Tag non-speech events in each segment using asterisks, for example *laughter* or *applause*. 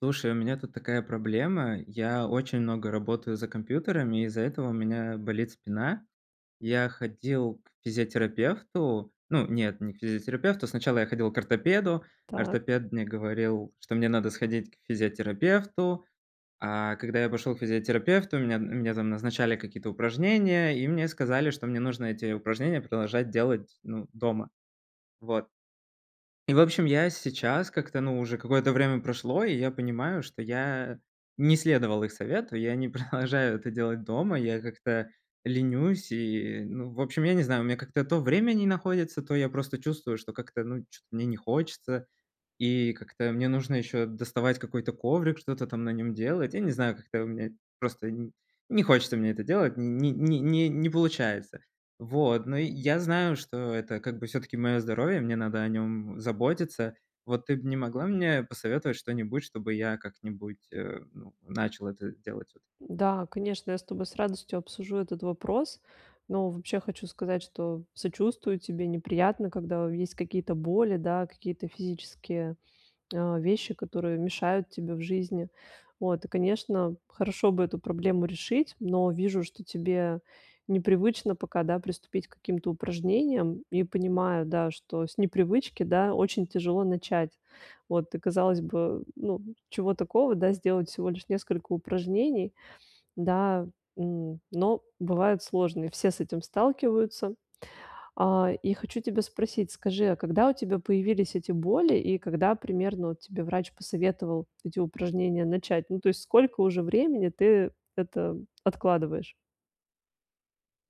Слушай, у меня тут такая проблема. Я очень много работаю за компьютерами, из-за этого у меня болит спина. Я ходил к физиотерапевту. Ну, нет, не к физиотерапевту, сначала я ходил к ортопеду. Так. Ортопед мне говорил, что мне надо сходить к физиотерапевту, а когда я пошел к физиотерапевту, мне мне там назначали какие-то упражнения, и мне сказали, что мне нужно эти упражнения продолжать делать, ну, дома. Вот. И, в общем, я сейчас как-то, ну, уже какое-то время прошло, и я понимаю, что я не следовал их совету, я не продолжаю это делать дома, я как-то ленюсь и, ну, в общем, я не знаю, у меня как-то то время не находится, то я просто чувствую, что как-то, ну, чё-то мне не хочется, и как-то мне нужно ещё доставать какой-то коврик, что-то там на нём делать. Я не знаю, как-то у меня просто н не хочется мне это делать, не не не не получается. Вот, но я знаю, что это как бы всё-таки моё здоровье, мне надо о нём заботиться. Вот, ты бы не могла мне посоветовать что-нибудь, чтобы я как-нибудь, э, ну, начал это делать вот. Да, конечно, я с тобой с радостью обсужу этот вопрос. Но, вообще, хочу сказать, что сочувствую тебе: неприятно, когда есть какие-то боли, да, какие-то физические, э, вещи, которые мешают тебе в жизни, вот. Конечно, хорошо бы эту проблему решить, но вижу, что тебе непривычно пока, да, приступить к каким-то упражнениям, и понимаю, да, что с непривычки, да, очень тяжело начать. Вот, казалось бы, ну, чего такого, да, сделать всего лишь несколько упражнений, да, м, но бывают сложны. Все с этим сталкиваются. А, и хочу тебя спросить, скажи, а когда у тебя появились эти боли и когда примерно вот тебе врач посоветовал эти упражнения начать? Ну, то есть, сколько уже времени ты это откладываешь?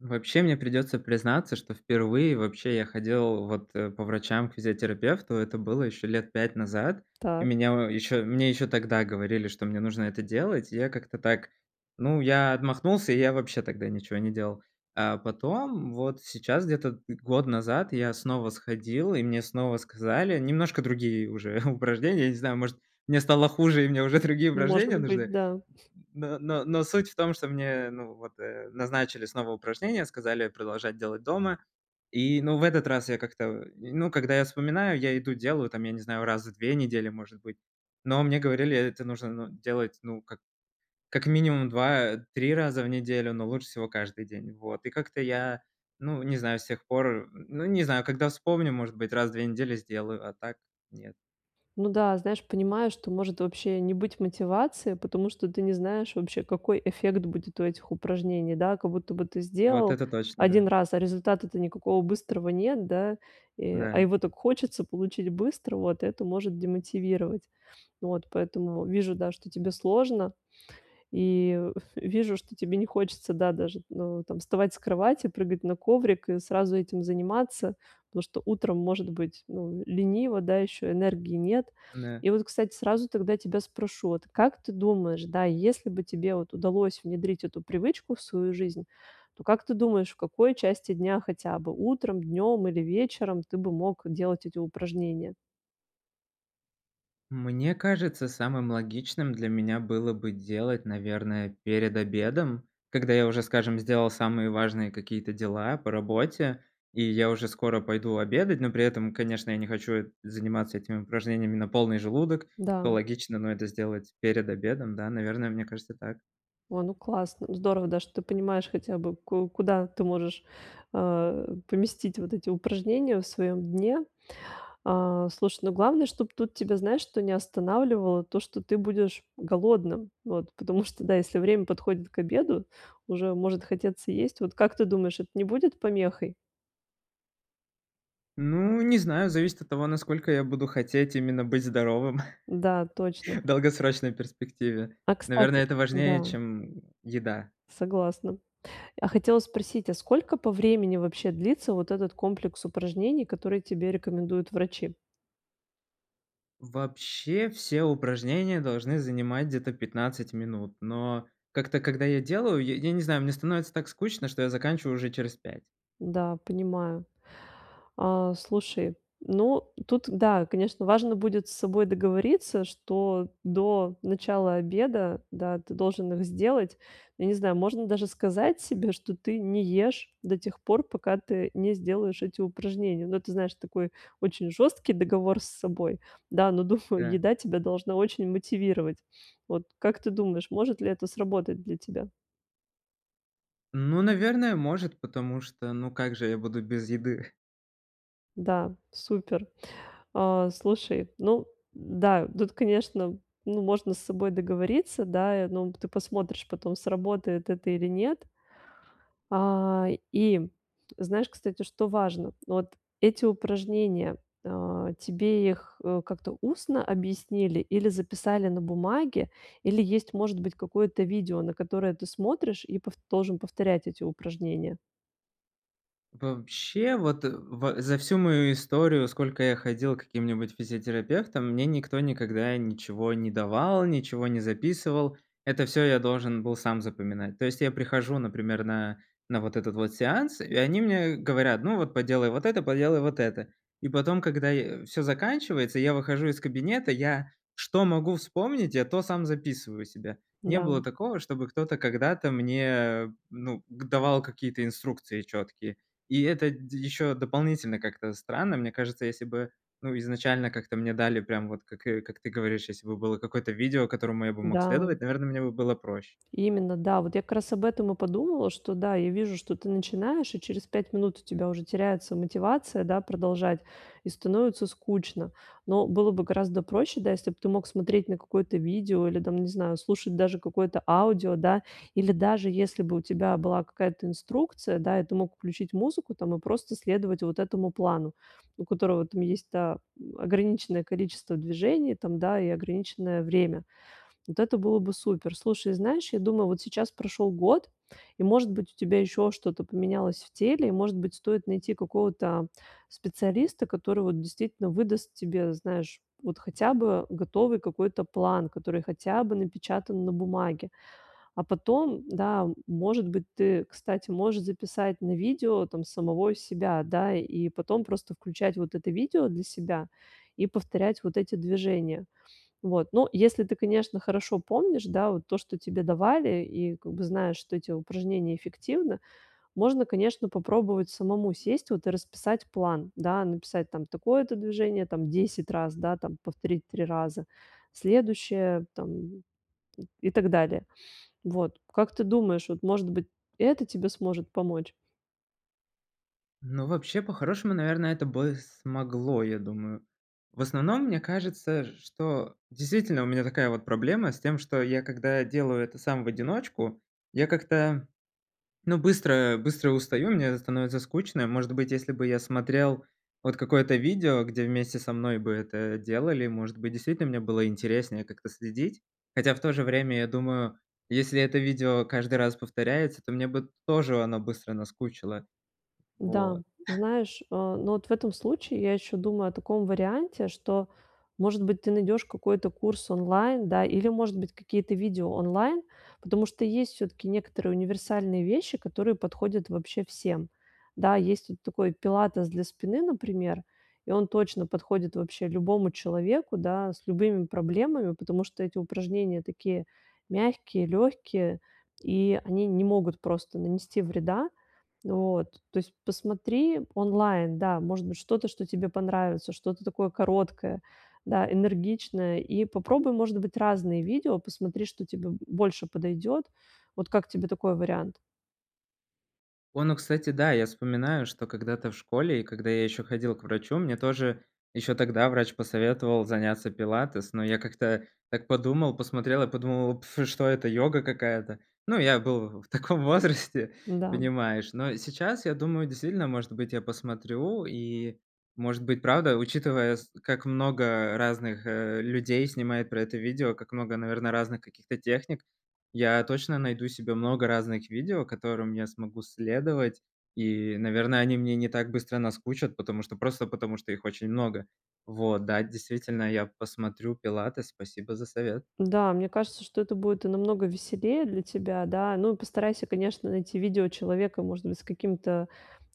Вообще мне придется признаться, что впервые вообще я ходил вот, э, по врачам к физиотерапевту. Это было еще лет 5 назад. И Так. меня еще, мне еще тогда говорили, что мне нужно это делать. И я как-то так, ну, я отмахнулся, и я вообще тогда ничего не делал. А потом, вот, сейчас, где-то год назад, я снова сходил, и мне снова сказали немножко другие уже *chuckles* упражнения. Я не знаю, может, мне стало хуже, и мне уже другие Может упражнения быть, нужны. да. Но но но суть в том, что мне, ну вот назначили снова упражнения, сказали продолжать делать дома. И, ну в этот раз я как-то, ну, когда я вспоминаю, я иду делаю, там, я не знаю, раз в 2 недели, может быть, но мне говорили, это нужно, ну, делать, ну, как как минимум 2-3 раза в неделю, но лучше всего каждый день. Вот, и как-то я, ну, не знаю, с тех пор, ну, не знаю, когда вспомню, может быть, раз в 2 недели сделаю, а так нет. Ну да, знаешь, понимаю, что может вообще не быть мотивации, потому что ты не знаешь вообще, какой эффект будет у этих упражнений. Да, как будто бы ты Вот сделал это точно, 1 да. раз, а результата-то никакого быстрого нет, да, и а Да. его так хочется получить быстро, вот это может демотивировать. Вот, поэтому вижу, да, что тебе сложно, и в вижу, что тебе не хочется, да, даже, э, там вставать с кровати, прыгать на коврик и сразу этим заниматься, потому что утром может быть, ну, лениво, да, еще энергии нет. Да. И вот, кстати, сразу тогда тебя спрошу: "Вот как ты думаешь, да, если бы тебе вот удалось внедрить эту привычку в свою жизнь, то, как ты думаешь, в какой части дня, хотя бы утром, днём или вечером, ты бы мог делать эти упражнения?" Мне кажется, самым логичным для меня было бы делать, наверное, перед обедом, когда я уже, скажем, сделал самые важные какие-то дела по работе, и я уже скоро пойду обедать, но при этом, конечно, я не хочу заниматься этими упражнениями на полный желудок, Да. то логично, но это сделать перед обедом, да, наверное, мне кажется так. О, ну, классно, здорово, да, что ты понимаешь хотя бы, ку куда ты можешь, э, поместить вот эти упражнения в своем дне. А, слушай, ну, главное, чтобы тут тебя, знаешь что, не останавливало то, что ты будешь голодным. Вот. Потому что, да, если время подходит к обеду, уже может хотеться есть. Вот как ты думаешь, это не будет помехой? Ну, не знаю, зависит от того, насколько я буду хотеть именно быть здоровым. Да, точно. *chuckles* В долгосрочной перспективе. А, Наверное, кстати, это важнее, да. чем еда. Согласна. А хотела спросить, а сколько по времени вообще длится вот этот комплекс упражнений, которые тебе рекомендуют врачи? Вообще все упражнения должны занимать где-то 15 минут, но как-то когда я делаю, я я не знаю, мне становится так скучно, я заканчиваю уже через 5. Да, понимаю. А слушай, ну, тут да, конечно, важно будет с собой договориться, что до начала обеда, да, ты должен их сделать. Я не знаю, можно даже сказать себе, что ты не ешь до тех пор, пока ты не сделаешь эти упражнения. Ну, ты знаешь, такой очень жёсткий договор с собой. Да, но, думаю, Да. еда тебя должна очень мотивировать. Вот как ты думаешь, может ли это сработать для тебя? Ну, наверное, может, потому что, ну, как же я буду без еды? Да, супер. А, слушай, ну да, тут, конечно, ну, можно с собой договориться, да и, ну, ты посмотришь потом, сработает это или нет. А, и знаешь, кстати, что важно? Ну, вот эти упражнения, а, тебе их, э, как-то устно объяснили или записали на бумаге, или есть, может быть, какое-то видео, на которое ты смотришь и пов должен повторять эти упражнения? Вообще, вот э ва за всю мою историю, сколько я ходил к каким-нибудь физиотерапевтам, мне никто никогда ничего не давал, ничего не записывал. Это всё я должен был сам запоминать. То есть я прихожу, например, на на вот этот вот сеанс, и они мне говорят: "Ну вот, поделай вот это, поделай вот это". И потом, когда я всё заканчивается, я выхожу из кабинета, я что могу вспомнить, я то сам записываю себе. Не Да. было такого, чтобы кто-то когда-то мне, ну, к давал какие-то инструкции чёткие. И это дь еще дополнительно как-то странно. Мне кажется, если бы, ну, изначально как-то мне дали прям вот как, э, как ты говоришь, если бы было какое-то видео, которому я бы мог Да. следовать, наверно, мне бы было проще. Именно, да. Вот я как раз об этом и подумала, что да, я вижу, что ты начинаешь, и через 5 минут у тебя уже теряется мотивация, да, продолжать, и становится скучно. Но было бы гораздо проще, да, если бы ты мог смотреть на какое-то видео или там, не знаю, слушать даже какое-то аудио, да, или даже если бы у тебя была какая-то инструкция, да, и ты мог включить музыку там и просто следовать вот этому плану, у которого там есть та м, ограниченное количество движений там, да, и ограниченное время. Вот это было бы супер. Слушай, знаешь, я думаю, вот сейчас прошёл год и, может быть, у тебя ещё что-то поменялось в теле, и, может быть, стоит найти какого-то специалиста, который вот действительно выдаст тебе, знаешь, вот хотя бы готовый какой-то план, который хотя бы напечатан на бумаге. А потом, да, может быть, ты, кстати, можешь записать на видео там самого себя, да, и потом просто включать вот это видео для себя и повторять вот эти движения. Вот, ну, если ты, конечно, хорошо помнишь, да, вот то, что тебе давали и как бы знаешь, что эти упражнения эффективны, можно, конечно, попробовать самому сесть вот и расписать план, да, написать там такое-то движение там 10 раз, да, там, повторить 3 раза, следующее там, м, и так далее, вот. Как ты думаешь, вот, может быть, это тебе сможет помочь? Ну, вообще, по-хорошему, наверное, это бы смогло, я думаю. В основном мне кажется, что действительно у меня такая вот проблема с тем, что я, когда делаю это сам в одиночку, я как-то, ну, быстро быстро устаю, мне становится скучно. И, может быть, если бы я смотрел вот какое-то видео, где вместе со мной бы это делали, может быть, действительно мне было интереснее как-то следить. Хотя, в то же время, я думаю, если это видео каждый раз повторяется, то мне бы тоже она быстро наскучило. Да, Вот. *chuckles* знаешь, э, но вот в этом случае я ещё думаю о таком варианте, что, может быть, ты найдёшь какой-то курс онлайн, да, или, может быть, какие-то видео онлайн, потому что есть всё-таки некоторые универсальные вещи, которые подходят вообще всем. Да, есть вот такой пилатес для спины, например, и он точно подходит вообще любому человеку, да, с любыми проблемами, потому что эти упражнения такие мягкие, лёгкие, и они не могут просто нанести вреда. Вот, то есть посмотри онлайн, да, может быть, что-то, что тебе понравится, что-то такое короткое, да, энергичное, и попробуй, может быть, разные видео, посмотри, что тебе больше подойдёт. Вот как тебе такой вариант? Вон, о, кстати, да, я вспоминаю, что когда-то в школе, и когда я ещё ходил к врачу, мне тоже ещё тогда врач посоветовал заняться пилатес, но я как-то так подумал, посмотрел, я подумал: "Пф, что это, йога какая-то?" Ну, я был в таком возрасте, Да. понимаешь. Но сейчас я думаю, действительно, может быть, я посмотрю, и, может быть, правда, учитывая, с как много разных, э, людей снимают про это видео, как много, наверное, разных каких-то техник. Я точно найду себе много разных видео, которым я смогу следовать, и, наверно, они мне не так быстро наскучат, потому что просто потому что их очень много. Вот, да, действительно, я посмотрю пилатес, спасибо за совет. Да, мне кажется, что это будет намного веселее для тебя. Да, ну, постарайся, конечно, найти видео человека, может быть, с каким-то,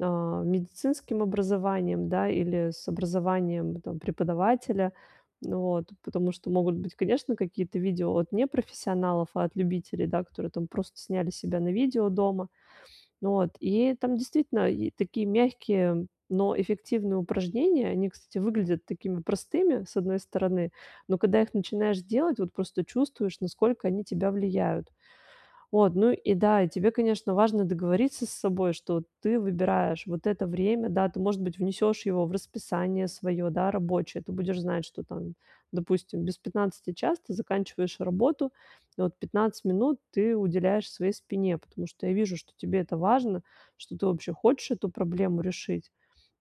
э, медицинским образованием, да, или с образованием, там, преподавателя. Вот, потому что могут быть, конечно, какие-то видео от непрофессионалов, а от любителей, да, которые просто сняли себя на видео дома. Вот, и там действительно е такие мягкие, но эффективные упражнения. Они, кстати, выглядят такими простыми, с одной стороны. Но когда их начинаешь делать, вот просто чувствуешь, насколько они тебя влияют. Вот, ну и да, тебе, конечно, важно договориться с собой, что ты выбираешь вот это время, да, ты, может быть, внесёшь его в расписание своё, да, рабочее. Ты будешь знать, что там, допустим, без 15 час ты заканчиваешь работу, и вот 15 минут ты уделяешь своей спине, потому что я вижу, что тебе это важно, что ты вообще хочешь эту проблему решить.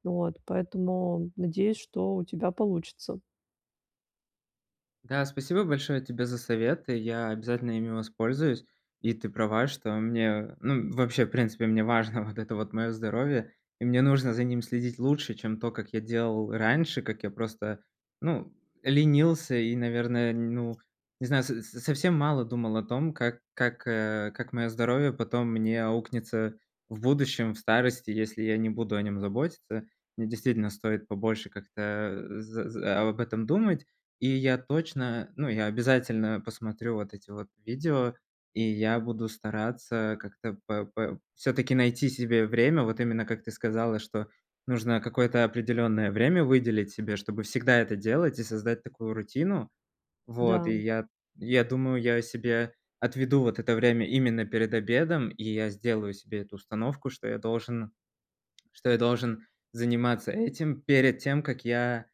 Вот, поэтому надеюсь, что у тебя получится. Да, спасибо большое тебе за советы, я обязательно ими воспользуюсь. И ты права, что мне ну, вообще, в принципе, мне важно вот это вот мое здоровье. И мне нужно за ним следить лучше, чем то, как я делал раньше, как я просто ну ленился и, наверное, ну, не знаю, со совсем мало думал о том, как как как моё здоровье потом мне аукнется в будущем, в старости, если я не буду о нём заботиться. Мне действительно стоит побольше как-то, э, за за об этом думать, и я точно, ну, я обязательно посмотрю вот эти вот видео, и я буду стараться как-то п п п всё-таки найти себе время, вот именно как ты сказала, что нужно какое-то определённое время выделить себе, чтобы всегда это делать и создать такую рутину. Вот, Да. и я я думаю, я себе отведу вот это время именно перед обедом, и я сделаю себе эту установку, что я должен, что я должен заниматься этим перед тем, как я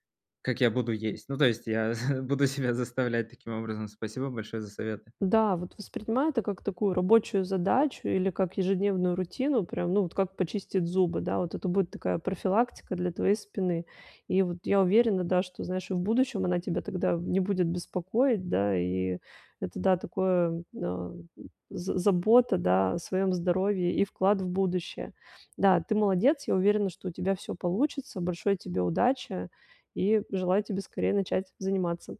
как я буду есть. Ну то есть я буду себя заставлять таким образом. Спасибо большое за советы. Да, вот воспринимай это как такую рабочую задачу или как ежедневную рутину, прям, ну, вот как почистить зубы, да. Вот это будет такая профилактика для твоей спины. И вот я уверена, да, что, знаешь, и в будущем она тебя тогда не будет беспокоить, да, и это, да, такое, м, э, з забота, да, о своем здоровье и вклад в будущее. Да, ты молодец. Я уверена, что у тебя всё получится. Большой тебе удачи и желаю тебе скорее начать заниматься.